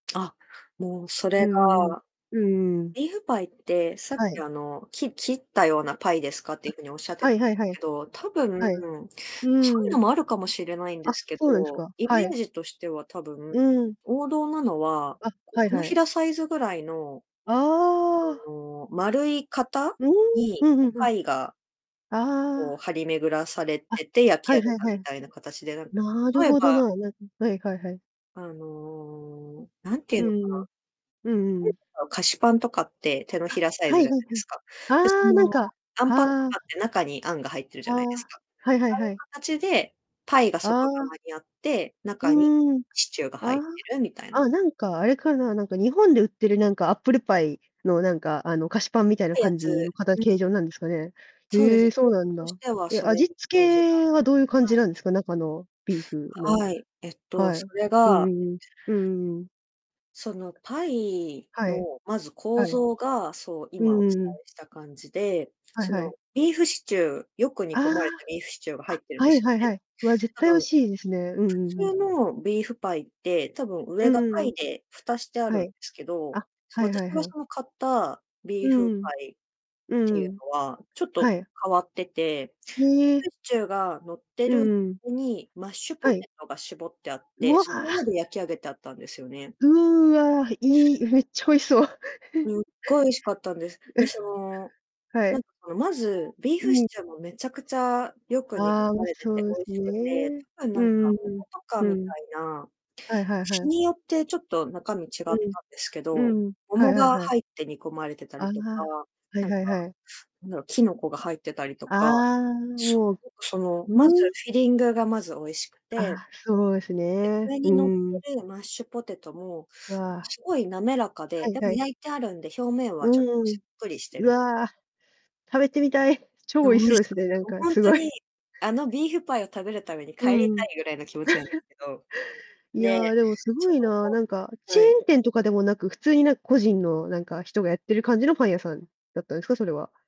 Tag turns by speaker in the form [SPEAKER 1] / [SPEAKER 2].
[SPEAKER 1] あ、もうそれ
[SPEAKER 2] うんうんうん。
[SPEAKER 1] が
[SPEAKER 2] うんうんうん。
[SPEAKER 1] ビーフパイって、さっ
[SPEAKER 2] は
[SPEAKER 1] き
[SPEAKER 2] い。
[SPEAKER 1] あのき切ったようなパイですかってい
[SPEAKER 2] う。
[SPEAKER 1] う風におっしゃって
[SPEAKER 2] は
[SPEAKER 1] たん
[SPEAKER 2] い
[SPEAKER 1] で
[SPEAKER 2] はいは
[SPEAKER 1] す
[SPEAKER 2] い。
[SPEAKER 1] けど、たぶん、
[SPEAKER 2] はい、う
[SPEAKER 1] そういう
[SPEAKER 2] ー
[SPEAKER 1] の
[SPEAKER 2] ん。
[SPEAKER 1] もあるかもしれないんで
[SPEAKER 2] あ、
[SPEAKER 1] すけ
[SPEAKER 2] そうなんです
[SPEAKER 1] ど、
[SPEAKER 2] か、
[SPEAKER 1] イ
[SPEAKER 2] は
[SPEAKER 1] メー
[SPEAKER 2] い。
[SPEAKER 1] ジとしてはたぶん、
[SPEAKER 2] うん。
[SPEAKER 1] 王道なのは、
[SPEAKER 2] あ、
[SPEAKER 1] こう、
[SPEAKER 2] はい
[SPEAKER 1] 手の
[SPEAKER 2] は
[SPEAKER 1] ひ
[SPEAKER 2] い。
[SPEAKER 1] らサイズぐらいの
[SPEAKER 2] ああ。
[SPEAKER 1] あの丸い型
[SPEAKER 2] うん、
[SPEAKER 1] に、
[SPEAKER 2] うん
[SPEAKER 1] こ
[SPEAKER 2] う
[SPEAKER 1] う
[SPEAKER 2] んうん。
[SPEAKER 1] パイがこう
[SPEAKER 2] あ
[SPEAKER 1] 張り巡らされ
[SPEAKER 2] あ。あ、
[SPEAKER 1] てて焼き
[SPEAKER 2] はい
[SPEAKER 1] 上げ
[SPEAKER 2] はい
[SPEAKER 1] た
[SPEAKER 2] は
[SPEAKER 1] み
[SPEAKER 2] い。
[SPEAKER 1] たいな形で、なんた
[SPEAKER 2] なる
[SPEAKER 1] とえ
[SPEAKER 2] ほど
[SPEAKER 1] ば
[SPEAKER 2] な、なんはいはいはい。
[SPEAKER 1] あのなんてい
[SPEAKER 2] う
[SPEAKER 1] うのかな
[SPEAKER 2] んうんうん。うんうんうん。
[SPEAKER 1] 日本で買う菓子パンとかって手のひ
[SPEAKER 2] あ、
[SPEAKER 1] らサイ
[SPEAKER 2] は
[SPEAKER 1] ズ
[SPEAKER 2] い
[SPEAKER 1] じゃな
[SPEAKER 2] は
[SPEAKER 1] い
[SPEAKER 2] いは
[SPEAKER 1] で
[SPEAKER 2] い。
[SPEAKER 1] すか。でそ
[SPEAKER 2] あ、なん
[SPEAKER 1] の
[SPEAKER 2] か、
[SPEAKER 1] アンパンと
[SPEAKER 2] はあ。
[SPEAKER 1] かって中にあんが入ってるじ
[SPEAKER 2] あ
[SPEAKER 1] ゃないです
[SPEAKER 2] あ、
[SPEAKER 1] か。あう
[SPEAKER 2] はいはいはい。
[SPEAKER 1] いう形でパイが
[SPEAKER 2] あ
[SPEAKER 1] 外
[SPEAKER 2] あ。
[SPEAKER 1] 側にあって、中に
[SPEAKER 2] うん、
[SPEAKER 1] シチューが
[SPEAKER 2] あ
[SPEAKER 1] 入って
[SPEAKER 2] あ、
[SPEAKER 1] るみたい
[SPEAKER 2] ああ、
[SPEAKER 1] な
[SPEAKER 2] なんかあれかな、なんか日本で売ってるなんかアップルパイのなんか、あの菓子パンみたい
[SPEAKER 1] っ
[SPEAKER 2] な
[SPEAKER 1] てや
[SPEAKER 2] 感
[SPEAKER 1] つ、
[SPEAKER 2] じのかた
[SPEAKER 1] う
[SPEAKER 2] 形
[SPEAKER 1] ん。
[SPEAKER 2] 状なんですかね。
[SPEAKER 1] そうです
[SPEAKER 2] へえ、そう
[SPEAKER 1] 形
[SPEAKER 2] な
[SPEAKER 1] 状
[SPEAKER 2] ん
[SPEAKER 1] とし
[SPEAKER 2] だ。
[SPEAKER 1] ては
[SPEAKER 2] え、
[SPEAKER 1] それに
[SPEAKER 2] 味
[SPEAKER 1] イ
[SPEAKER 2] 付
[SPEAKER 1] メージがは
[SPEAKER 2] けはどういう感じ
[SPEAKER 1] い。
[SPEAKER 2] なんですか？中のビーフの。
[SPEAKER 1] はい、えっと、
[SPEAKER 2] は
[SPEAKER 1] そ
[SPEAKER 2] い、
[SPEAKER 1] れ
[SPEAKER 2] う
[SPEAKER 1] が
[SPEAKER 2] んうんうん、うんうんうん。
[SPEAKER 1] そのパイ
[SPEAKER 2] はい、
[SPEAKER 1] のまず構
[SPEAKER 2] はい。
[SPEAKER 1] 造が、そう、
[SPEAKER 2] う
[SPEAKER 1] 今
[SPEAKER 2] ん
[SPEAKER 1] お
[SPEAKER 2] う
[SPEAKER 1] 伝
[SPEAKER 2] んうん。
[SPEAKER 1] えした感じで、
[SPEAKER 2] はい
[SPEAKER 1] そ
[SPEAKER 2] はい。
[SPEAKER 1] のビーフシチューよく
[SPEAKER 2] あ
[SPEAKER 1] 煮込まれたビーフシチューが
[SPEAKER 2] あ、
[SPEAKER 1] 入
[SPEAKER 2] あ、
[SPEAKER 1] ってるん
[SPEAKER 2] は
[SPEAKER 1] で
[SPEAKER 2] い
[SPEAKER 1] すよ
[SPEAKER 2] はいは
[SPEAKER 1] ね。
[SPEAKER 2] い。わ、絶
[SPEAKER 1] 多
[SPEAKER 2] 対美
[SPEAKER 1] 分、
[SPEAKER 2] 味しいですね。うんう
[SPEAKER 1] 普
[SPEAKER 2] んうん。
[SPEAKER 1] 通のビーフパイって、多分
[SPEAKER 2] う
[SPEAKER 1] 上がパ
[SPEAKER 2] う
[SPEAKER 1] イ
[SPEAKER 2] ん。
[SPEAKER 1] で蓋してある
[SPEAKER 2] は
[SPEAKER 1] ん
[SPEAKER 2] い、
[SPEAKER 1] ですけど、
[SPEAKER 2] あ、はいは
[SPEAKER 1] 私
[SPEAKER 2] い
[SPEAKER 1] が
[SPEAKER 2] はい。
[SPEAKER 1] その買ったビー
[SPEAKER 2] う
[SPEAKER 1] フ
[SPEAKER 2] ん、
[SPEAKER 1] パイっ
[SPEAKER 2] う
[SPEAKER 1] ていう
[SPEAKER 2] ん。
[SPEAKER 1] のは、ちょっ
[SPEAKER 2] は
[SPEAKER 1] と
[SPEAKER 2] い。
[SPEAKER 1] 変わってて、ビ
[SPEAKER 2] へ
[SPEAKER 1] ーフ
[SPEAKER 2] え。
[SPEAKER 1] シチューがのって
[SPEAKER 2] う
[SPEAKER 1] る
[SPEAKER 2] んうん。
[SPEAKER 1] にマッシュポ
[SPEAKER 2] はい。
[SPEAKER 1] テトが絞ってあっ
[SPEAKER 2] う
[SPEAKER 1] て、
[SPEAKER 2] わ。
[SPEAKER 1] その上で焼き上げてあったんですよね。
[SPEAKER 2] うわ、いい、めっちゃ美味しそう。
[SPEAKER 1] すっ ごい美味しかったんです。で、その、
[SPEAKER 2] は
[SPEAKER 1] な
[SPEAKER 2] い。
[SPEAKER 1] んかそのまず、ビー
[SPEAKER 2] う
[SPEAKER 1] フシ
[SPEAKER 2] ん。
[SPEAKER 1] チューもめちゃくちゃよく煮込
[SPEAKER 2] ああ、美
[SPEAKER 1] ま
[SPEAKER 2] 味し
[SPEAKER 1] れて
[SPEAKER 2] そ
[SPEAKER 1] て
[SPEAKER 2] うで
[SPEAKER 1] 美味
[SPEAKER 2] す
[SPEAKER 1] しくて、
[SPEAKER 2] ね。
[SPEAKER 1] 多分
[SPEAKER 2] う
[SPEAKER 1] なんか
[SPEAKER 2] んうん
[SPEAKER 1] 桃とか
[SPEAKER 2] うん。
[SPEAKER 1] みた
[SPEAKER 2] うん。
[SPEAKER 1] いな、
[SPEAKER 2] はいはいは
[SPEAKER 1] 日
[SPEAKER 2] い。
[SPEAKER 1] によってちょっと中身違った
[SPEAKER 2] う
[SPEAKER 1] ん
[SPEAKER 2] ん、
[SPEAKER 1] ですけど、
[SPEAKER 2] うん、はい
[SPEAKER 1] 桃
[SPEAKER 2] はい
[SPEAKER 1] が
[SPEAKER 2] はい。
[SPEAKER 1] 入って煮込まれてた
[SPEAKER 2] ああ、
[SPEAKER 1] りとか、
[SPEAKER 2] はい
[SPEAKER 1] なんか、
[SPEAKER 2] はいはい。
[SPEAKER 1] なんだろう、キノコが入ってたりとか、
[SPEAKER 2] ああ、
[SPEAKER 1] そ、
[SPEAKER 2] もう、
[SPEAKER 1] なんか、その、まず
[SPEAKER 2] うん。
[SPEAKER 1] フィリングがまず美味しくて
[SPEAKER 2] あ、そうです
[SPEAKER 1] で、
[SPEAKER 2] ね。
[SPEAKER 1] 上
[SPEAKER 2] う
[SPEAKER 1] に乗っ
[SPEAKER 2] ん。
[SPEAKER 1] てるマッシュポテトも、なんか
[SPEAKER 2] わ。
[SPEAKER 1] すごい滑らか
[SPEAKER 2] は
[SPEAKER 1] で、
[SPEAKER 2] い
[SPEAKER 1] で
[SPEAKER 2] は
[SPEAKER 1] も
[SPEAKER 2] い。
[SPEAKER 1] 焼いてあるんで、表面はちょっと
[SPEAKER 2] う
[SPEAKER 1] サ
[SPEAKER 2] ん、
[SPEAKER 1] ックリして
[SPEAKER 2] う
[SPEAKER 1] る。
[SPEAKER 2] わ、食べてみたい、超
[SPEAKER 1] え、
[SPEAKER 2] 美
[SPEAKER 1] 美
[SPEAKER 2] 味し
[SPEAKER 1] 味
[SPEAKER 2] そうで
[SPEAKER 1] し
[SPEAKER 2] す
[SPEAKER 1] かっ
[SPEAKER 2] ね、な
[SPEAKER 1] た。
[SPEAKER 2] んか
[SPEAKER 1] ほん
[SPEAKER 2] す
[SPEAKER 1] と
[SPEAKER 2] ご
[SPEAKER 1] に、
[SPEAKER 2] い。
[SPEAKER 1] あのビーフパイを食べるために帰
[SPEAKER 2] う
[SPEAKER 1] りた
[SPEAKER 2] ん。
[SPEAKER 1] いぐらいの気持ちなんです けど。
[SPEAKER 2] い
[SPEAKER 1] で、
[SPEAKER 2] や、でも凄
[SPEAKER 1] その
[SPEAKER 2] いな、なんか
[SPEAKER 1] 後
[SPEAKER 2] チェ
[SPEAKER 1] は
[SPEAKER 2] ー
[SPEAKER 1] い。
[SPEAKER 2] ン店とかでもなく、普通になんか個人のなんか人がやってる感じのパン屋さんだったんですか？それは。